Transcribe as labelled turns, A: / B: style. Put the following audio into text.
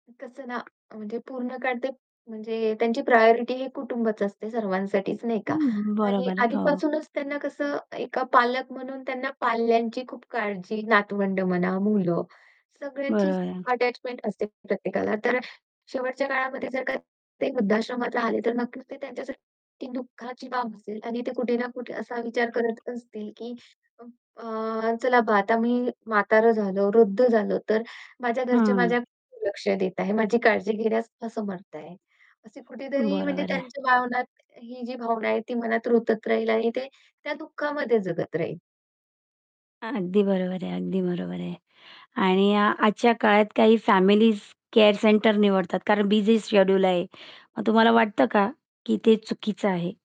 A: कसं ना अ, म्हणजे पूर्ण काळ ते म्हणजे त्यांची प्रायोरिटी हे कुटुंबच असते सर्वांसाठीच नाही का
B: हं,
A: आणि
B: बरोबर आहे. हो.
A: आधीपासूनच त्यांना कसं एका पालक म्हणून त्यांना पाल्यांची खूप काळजी, नातवंड म्हणा, मुलं,
B: बरोबर
A: सगळ्यांचीच
B: आहे.
A: खूप अटॅचमेंट असते प्रत्येकाला. तर शेवटच्या काळामध्ये जर का ते वृद्धाश्रमात राहले, तर नक्कीच ते त्यांच्यासाठी, ती दुःखाची बाब असेल आणि ते कुठे ना कुठे असा विचार करत असतील, की अ, चला बा आता मी म्हातारं झालो, वृद्ध झालो. तर माझ्या घरचे माझ्या
B: हं.
A: लक्ष देत आहे. माझी काळजी घेण्यास असमर्थ आहे. अशी कुठेतरी म्हणजे
B: बरोबर आहे.
A: त्यांच्या भावनात ही जी भावना आहे ती मनात रुतत राहील आणि ते त्या दुःखामध्ये जगत राहील.
B: अगदी बरोबर आहे, अगदी बरोबर आहे. आणि अ, आजच्या काळात काही फॅमिलीज केअर सेंटर निवडतात. कारण बिझी शेड्यूल आहे. मग तुम्हाला वाटतं का की ते चुकीचं आहे?